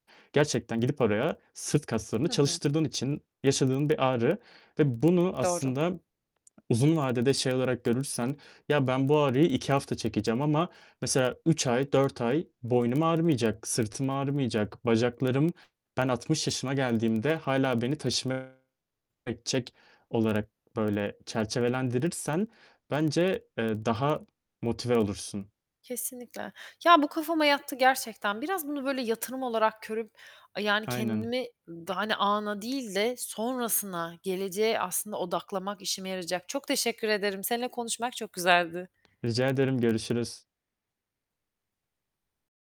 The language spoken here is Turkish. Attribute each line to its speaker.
Speaker 1: Gerçekten gidip oraya sırt kaslarını
Speaker 2: Hı hı.
Speaker 1: çalıştırdığın için yaşadığın bir ağrı ve bunu
Speaker 2: Doğru.
Speaker 1: aslında, uzun vadede şey olarak görürsen, "Ya, ben bu ağrıyı 2 hafta çekeceğim ama mesela 3 ay, 4 ay boynum ağrımayacak, sırtım ağrımayacak, bacaklarım ben 60 yaşıma geldiğimde hâlâ beni taşıma edecek." olarak böyle çerçevelendirirsen bence, eee, daha motive olursun.
Speaker 2: Kesinlikle. Ya, bu kafama yattı gerçekten. Biraz bunu böyle yatırım olarak görüp yani
Speaker 1: Aynen.
Speaker 2: kendimi daha hani ana değil de sonrasına, geleceğe aslında odaklamak işime yarayacak. Çok teşekkür ederim. Seninle konuşmak çok güzeldi.
Speaker 1: Rica ederim. Görüşürüz.